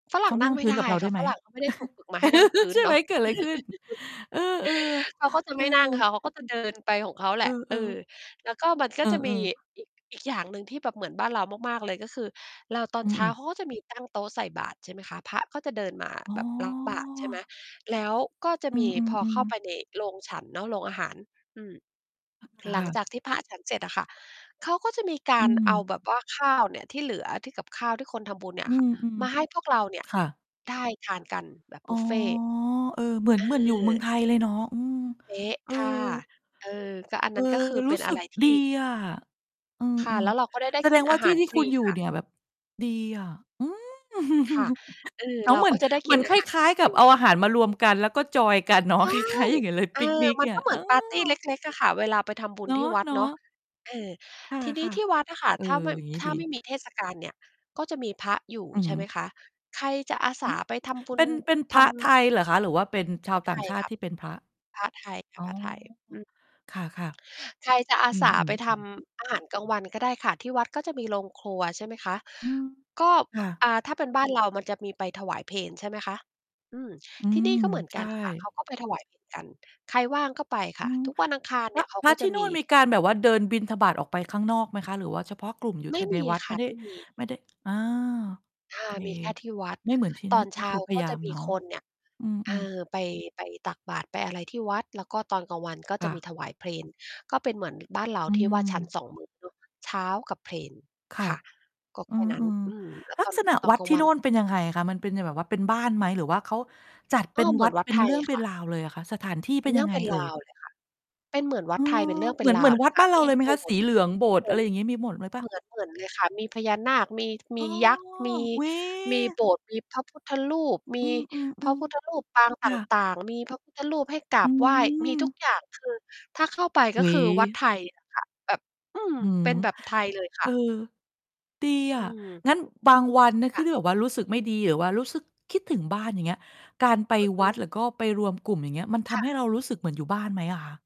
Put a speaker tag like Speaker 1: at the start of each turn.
Speaker 1: ฝร
Speaker 2: เ
Speaker 1: ั
Speaker 2: ข
Speaker 1: ่ง
Speaker 2: า
Speaker 1: นั
Speaker 2: นั
Speaker 1: ่
Speaker 2: ่
Speaker 1: ง
Speaker 2: ง
Speaker 1: ไม
Speaker 2: พ
Speaker 1: ่
Speaker 2: ื้
Speaker 1: ไ
Speaker 2: น
Speaker 1: ด้
Speaker 2: กับเราไ
Speaker 1: ค
Speaker 2: ด
Speaker 1: ่
Speaker 2: ้
Speaker 1: ะ
Speaker 2: ไห
Speaker 1: ฝ
Speaker 2: ม?
Speaker 1: รั่งเขาไม่ได้ถูกฝึกมาให้นั่งพื้
Speaker 2: ใ
Speaker 1: น
Speaker 2: ช่
Speaker 1: เน
Speaker 2: ไห
Speaker 1: า
Speaker 2: ม
Speaker 1: ะ
Speaker 2: เกิดอะไรขึ้น? เออ
Speaker 1: เขาก็จะ
Speaker 2: ๆ เอ
Speaker 1: ไม่นั่งค่
Speaker 2: อ
Speaker 1: ะ เขาก็จะ เดิน ไปของเขาแห
Speaker 2: เ
Speaker 1: ละ
Speaker 2: อ
Speaker 1: เอ
Speaker 2: อ
Speaker 1: อ
Speaker 2: ๆ
Speaker 1: แล้วก็ มันก
Speaker 2: เ
Speaker 1: ็
Speaker 2: อ
Speaker 1: จะมี
Speaker 2: อ ๆ
Speaker 1: อีก อีกอย่างหนึ่งที่แบบเหมือนบ้านเรามาก ๆ เลย ก็คือเราตอ
Speaker 2: อ
Speaker 1: น
Speaker 2: ื
Speaker 1: เ
Speaker 2: อ
Speaker 1: ช
Speaker 2: อ
Speaker 1: ้
Speaker 2: ื
Speaker 1: า
Speaker 2: ม
Speaker 1: เขาก็จะมีตั้งโต๊ะใส่บาตร ใช่ไหมคะ พระก็จะเดินมา
Speaker 2: อ๋อ
Speaker 1: แบบ รับ บาตรใช่ไหม แล้วก็จะ
Speaker 2: อื
Speaker 1: มี พอเ
Speaker 2: ม
Speaker 1: ข้า
Speaker 2: ๆ ๆ
Speaker 1: ไปในโรงฉันเนาะ โรงอาหาร อืม หล
Speaker 2: ค
Speaker 1: ั
Speaker 2: ่
Speaker 1: ง
Speaker 2: ะ
Speaker 1: จากที่พระฉันเสร็จอะค่ะ เขาก็จะมีก
Speaker 2: อื
Speaker 1: ารเอา
Speaker 2: ม
Speaker 1: แบบว่า ข้าวเนี่ยที่เหลือ ที่กับข้าวที่คนทำบุญเนี่ย
Speaker 2: อื
Speaker 1: ค่ะ
Speaker 2: ม
Speaker 1: มาให้พวกเราเนี่ย
Speaker 2: ๆ ค่ะ
Speaker 1: ได้ทานกันแบบ
Speaker 2: อ
Speaker 1: บ
Speaker 2: ๋อ
Speaker 1: ุฟเฟต์
Speaker 2: เออ เหมือน เห
Speaker 1: อ
Speaker 2: มือนอยู่เมือง
Speaker 1: า
Speaker 2: ไทยเลยเนาะ อืม
Speaker 1: เป๊ะ
Speaker 2: เออ
Speaker 1: ค่ะ เออ ก็อัน
Speaker 2: เอ
Speaker 1: น
Speaker 2: อ
Speaker 1: ั้น ก็คือ
Speaker 2: ร
Speaker 1: เป
Speaker 2: ู
Speaker 1: ็
Speaker 2: ้
Speaker 1: น
Speaker 2: ส
Speaker 1: อ
Speaker 2: ึ
Speaker 1: ะไ
Speaker 2: ก
Speaker 1: รท
Speaker 2: ด
Speaker 1: ี
Speaker 2: ี
Speaker 1: ่
Speaker 2: อะ อื
Speaker 1: ค่ะ
Speaker 2: ม
Speaker 1: แล้วเราก็ได้ ไ
Speaker 2: ๆ
Speaker 1: ด้
Speaker 2: แส
Speaker 1: ก
Speaker 2: ด
Speaker 1: ิน
Speaker 2: งว่
Speaker 1: อ
Speaker 2: า
Speaker 1: า
Speaker 2: ท
Speaker 1: ห
Speaker 2: ี
Speaker 1: าร
Speaker 2: ่
Speaker 1: ฟ
Speaker 2: ๆ ค
Speaker 1: ร
Speaker 2: ุ
Speaker 1: ี
Speaker 2: ณอยู่
Speaker 1: ค่ะ
Speaker 2: เนี่ยแบบ ดีอะ อือ
Speaker 1: ค่ะ เออ
Speaker 2: แล้
Speaker 1: เ
Speaker 2: ว
Speaker 1: ร
Speaker 2: เ
Speaker 1: า
Speaker 2: หมือ
Speaker 1: ก
Speaker 2: น
Speaker 1: ็จะได้
Speaker 2: เห
Speaker 1: ก
Speaker 2: ม
Speaker 1: ิ
Speaker 2: ือ
Speaker 1: น
Speaker 2: น
Speaker 1: อ
Speaker 2: ค
Speaker 1: าหาร
Speaker 2: ล้าย ๆ ก
Speaker 1: ฟ
Speaker 2: ั
Speaker 1: ร
Speaker 2: บ
Speaker 1: ี
Speaker 2: เอาอาหารมารวมกัน แล้วก็จอยน์กันเนา
Speaker 1: ใ
Speaker 2: ะ
Speaker 1: ช่
Speaker 2: คล้าย ๆ อย่างงั้นเลย
Speaker 1: อ
Speaker 2: ป
Speaker 1: า
Speaker 2: ิกนิก
Speaker 1: มั
Speaker 2: เ
Speaker 1: น
Speaker 2: นี่
Speaker 1: ก
Speaker 2: ย
Speaker 1: ็เห
Speaker 2: เ
Speaker 1: ม
Speaker 2: อ
Speaker 1: ือนปาร์ตีเ
Speaker 2: อ
Speaker 1: ล็ก ๆ อะค่ะ เวลาไปทำบุญ
Speaker 2: เนา
Speaker 1: ที่วัดเนา
Speaker 2: ะ
Speaker 1: ะ
Speaker 2: ๆ
Speaker 1: อา ทีน
Speaker 2: ค
Speaker 1: ี้
Speaker 2: ่ะ
Speaker 1: ที่วัดอะค่ะ
Speaker 2: ๆ เออ
Speaker 1: ถ้าไม่
Speaker 2: อย่างงี้
Speaker 1: ถ้
Speaker 2: ด
Speaker 1: าไม่
Speaker 2: ี
Speaker 1: มีเทศกาลเนี่ย ก็จะมีพระอยู่
Speaker 2: อือ
Speaker 1: ใ
Speaker 2: ฮ
Speaker 1: ช่
Speaker 2: ึ
Speaker 1: ไหมคะ ใครจะอาส
Speaker 2: อื
Speaker 1: า
Speaker 2: อ
Speaker 1: ไปทำบุ
Speaker 2: เป
Speaker 1: ญ
Speaker 2: ็น เป็นพ
Speaker 1: ท
Speaker 2: ระไท
Speaker 1: ำ
Speaker 2: ยเหรอคะ หรือว่าเป็นช
Speaker 1: พ
Speaker 2: าว
Speaker 1: ระ
Speaker 2: ต
Speaker 1: ไ
Speaker 2: ่า
Speaker 1: ท
Speaker 2: ง
Speaker 1: ย
Speaker 2: ชา
Speaker 1: ค
Speaker 2: ต
Speaker 1: ่
Speaker 2: ิ
Speaker 1: ะ
Speaker 2: ที่เป็นพระ?
Speaker 1: พระไทยค่
Speaker 2: อ
Speaker 1: ะ
Speaker 2: ๋อ
Speaker 1: พระไทย อือ
Speaker 2: ค่ะ
Speaker 1: ใครจะอ
Speaker 2: ๆ
Speaker 1: า
Speaker 2: อื
Speaker 1: สาไป
Speaker 2: ม
Speaker 1: ท
Speaker 2: ๆ ๆ
Speaker 1: ำอาหารกลางวันก็ได้ค่ะ ที่วัดก็จะมีโรงครัว ใช่ไหมคะ
Speaker 2: อือ
Speaker 1: ก็
Speaker 2: ค่ะ
Speaker 1: อ่า ถ้าเป็นบ้านเรามันจะมีไปถวายเพล ใช่ไหมคะ อืม
Speaker 2: อื
Speaker 1: ที่
Speaker 2: ม
Speaker 1: นี่ก็เหมือน
Speaker 2: ใช
Speaker 1: ก
Speaker 2: ่
Speaker 1: ันค่ะ เขาก็ไปถวาย เพล กัน ใครว่างก็ไปค
Speaker 2: อ
Speaker 1: ่
Speaker 2: ื
Speaker 1: ะ
Speaker 2: ม
Speaker 1: ทุกวันอังคารเ
Speaker 2: พ
Speaker 1: น
Speaker 2: ร
Speaker 1: ี่
Speaker 2: ะ
Speaker 1: ยเขา
Speaker 2: พร
Speaker 1: ก
Speaker 2: ะ
Speaker 1: ็
Speaker 2: ท
Speaker 1: จะ
Speaker 2: ี่น
Speaker 1: ม
Speaker 2: ู่
Speaker 1: ี
Speaker 2: นมีการแบบว่าเดินบิณฑบาตรออกไปข้างนอกไหมคะ? หรือว่าเฉพาะกลุ่มอยู่
Speaker 1: ไม
Speaker 2: ท
Speaker 1: ่
Speaker 2: ะ
Speaker 1: ม
Speaker 2: ใน
Speaker 1: ี
Speaker 2: วัด
Speaker 1: ค
Speaker 2: ไม
Speaker 1: ่
Speaker 2: ่
Speaker 1: ะ
Speaker 2: ได้
Speaker 1: ไม่มี
Speaker 2: ไม่ได้ อา
Speaker 1: อา
Speaker 2: เค
Speaker 1: มีแค่ที่วัด
Speaker 2: ไม่เหมือนที่น
Speaker 1: ต
Speaker 2: ี่
Speaker 1: อนเ
Speaker 2: ก
Speaker 1: ช
Speaker 2: ็
Speaker 1: ้
Speaker 2: ค
Speaker 1: า
Speaker 2: ือพ
Speaker 1: ก
Speaker 2: ย
Speaker 1: ็
Speaker 2: าย
Speaker 1: จ
Speaker 2: า
Speaker 1: ะ
Speaker 2: ม
Speaker 1: ม
Speaker 2: เ
Speaker 1: ี
Speaker 2: นาะ
Speaker 1: คนเนี่ย
Speaker 2: อื
Speaker 1: เอ
Speaker 2: ม ๆ
Speaker 1: อ ไป ไปตักบาตร ไปอะไรที่วัด แล้วก็ตอนกลางวันก็
Speaker 2: ค
Speaker 1: จะ
Speaker 2: ่
Speaker 1: มี
Speaker 2: ะ
Speaker 1: ถวายเพล ก็เป็นเหมือนบ้านเรา
Speaker 2: อื
Speaker 1: ที่ว่าฉัน
Speaker 2: ม
Speaker 1: 2 มื้อเนาะ เช้ากับเพล
Speaker 2: ค่
Speaker 1: ค
Speaker 2: ะ
Speaker 1: ่ะ ก็
Speaker 2: เอ
Speaker 1: แค่นั้น
Speaker 2: อ
Speaker 1: อือ และ
Speaker 2: ๆ ลั
Speaker 1: ต
Speaker 2: ก
Speaker 1: อน
Speaker 2: ษณะ
Speaker 1: ตอ
Speaker 2: ว
Speaker 1: น
Speaker 2: ัด
Speaker 1: กลา
Speaker 2: ท
Speaker 1: ง
Speaker 2: ี่
Speaker 1: ว
Speaker 2: โ
Speaker 1: ั
Speaker 2: น
Speaker 1: น
Speaker 2: ่นเป็นยังไงอะคะ? มันเป็นจะแบบว่า เป็นบ้านไหม หรือว่าเขาจัดเ
Speaker 1: ก
Speaker 2: ป็
Speaker 1: ็
Speaker 2: น
Speaker 1: เหม
Speaker 2: ว
Speaker 1: ื
Speaker 2: ั
Speaker 1: อน
Speaker 2: ด
Speaker 1: วั
Speaker 2: เ
Speaker 1: ด
Speaker 2: ป็น
Speaker 1: ไท
Speaker 2: เรื
Speaker 1: ย
Speaker 2: ่องเป
Speaker 1: ค
Speaker 2: ็น
Speaker 1: ่ะ
Speaker 2: ราวเลยอะคะ? สถานที่
Speaker 1: เป
Speaker 2: เ
Speaker 1: ็
Speaker 2: ป็
Speaker 1: น
Speaker 2: น
Speaker 1: เรื
Speaker 2: ยั
Speaker 1: ่อง
Speaker 2: งไง
Speaker 1: เป็น
Speaker 2: เอ
Speaker 1: ร
Speaker 2: ่ย?
Speaker 1: าวเลยค่ะ เป็นเหมือนว
Speaker 2: เ
Speaker 1: ั
Speaker 2: อ
Speaker 1: ดไทยเป็นเร
Speaker 2: อ
Speaker 1: ื่องเป
Speaker 2: เ
Speaker 1: ็
Speaker 2: หม
Speaker 1: น
Speaker 2: ือ
Speaker 1: ร
Speaker 2: น เหม
Speaker 1: า
Speaker 2: ื
Speaker 1: ว
Speaker 2: อน
Speaker 1: เล
Speaker 2: วั
Speaker 1: ย
Speaker 2: ด
Speaker 1: ค่
Speaker 2: บ้
Speaker 1: ะ
Speaker 2: านเรา
Speaker 1: มี
Speaker 2: เลยไหม
Speaker 1: โบ
Speaker 2: คะ?
Speaker 1: ส
Speaker 2: ส
Speaker 1: ถ
Speaker 2: ี
Speaker 1: ์
Speaker 2: เหลือง โบสถ
Speaker 1: เห
Speaker 2: ์
Speaker 1: ม
Speaker 2: อะ
Speaker 1: ือ
Speaker 2: ไ
Speaker 1: น
Speaker 2: รอย่างงี้ มีหมดเลยเปล่
Speaker 1: เห
Speaker 2: า?
Speaker 1: มือน เหมือนเลยค่ะ มีพญานาคมี ม
Speaker 2: อ๋
Speaker 1: ี
Speaker 2: อ
Speaker 1: ยักษ์ มี
Speaker 2: อุ๊ย
Speaker 1: มีโบสถ์ มีพระพุทธรูป มี
Speaker 2: อื
Speaker 1: พระ
Speaker 2: ม
Speaker 1: พุทธ
Speaker 2: ๆ
Speaker 1: รูปปาง
Speaker 2: ๆ
Speaker 1: ต
Speaker 2: ค่ะ
Speaker 1: ่าง ๆ มีพระพุทธรูปให้กรา
Speaker 2: อื
Speaker 1: บไหว้ มีทุก
Speaker 2: ม
Speaker 1: อย่าง คือถ้าเข้าไป ก
Speaker 2: เฮ
Speaker 1: ็
Speaker 2: ้
Speaker 1: คือวัด
Speaker 2: ย
Speaker 1: ไทย อะ ค่ะ แบบ อืม
Speaker 2: อื
Speaker 1: เ
Speaker 2: ม
Speaker 1: ป็นแบบไทยเลยค
Speaker 2: เอ
Speaker 1: ่
Speaker 2: อ
Speaker 1: ะ
Speaker 2: ดีอ
Speaker 1: อื
Speaker 2: ะ
Speaker 1: ม
Speaker 2: งั้นบางวันนะค
Speaker 1: ค
Speaker 2: ี่
Speaker 1: ่ะ
Speaker 2: ที่แบบว่ารู้สึกไม่ดี หรือว่ารู้สึกคิดถึงบ้านอย่างเงี้ย การไป
Speaker 1: อือฮ
Speaker 2: ว
Speaker 1: ึ
Speaker 2: ัด หรือก็ไปรวมกลุ่ม อย่างเงี้ย มันท
Speaker 1: ค่
Speaker 2: ำให้
Speaker 1: ะ
Speaker 2: เรารู้สึกเหมือนอยู่บ้านไหมอะคะ?